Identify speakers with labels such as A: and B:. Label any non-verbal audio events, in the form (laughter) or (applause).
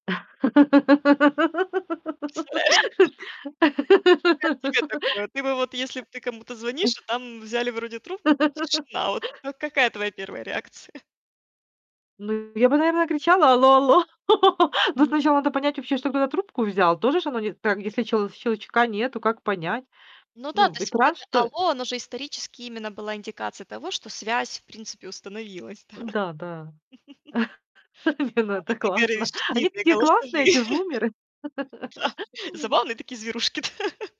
A: Представляешь? Вот как тебе такое? Ты бы вот, если б ты кому-то звонишь, а
B: (laughs) Уф.
A: там взяли вроде трубку, но
B: (laughs)
A: тишина. Вот, вот какая твоя 1 реакция?
B: Ну я бы, наверное, кричала: "Алло алло!" (laughs) Но
A: М.
B: сначала надо понять вообще, что кто-то трубку взял. Тоже ж оно не там если чел щелчка нету, как понять?
A: Ну да.
B: Ну
A: То есть вот
B: экран
A: это
B: что
A: "алло", оно же исторически именно было индикацией того, что связь в принципе установилась, да?
B: Н-да, да.
A: (laughs)
B: (chuckles) Не, ну
A: А
B: это
A: вот ты говоришь,
B: классно. Они
A: длинные
B: такие классные,
A: голосовые.
B: эти зумеры.
A: Да.
B: (laughs)
A: Забавные такие зверушки. (laughs)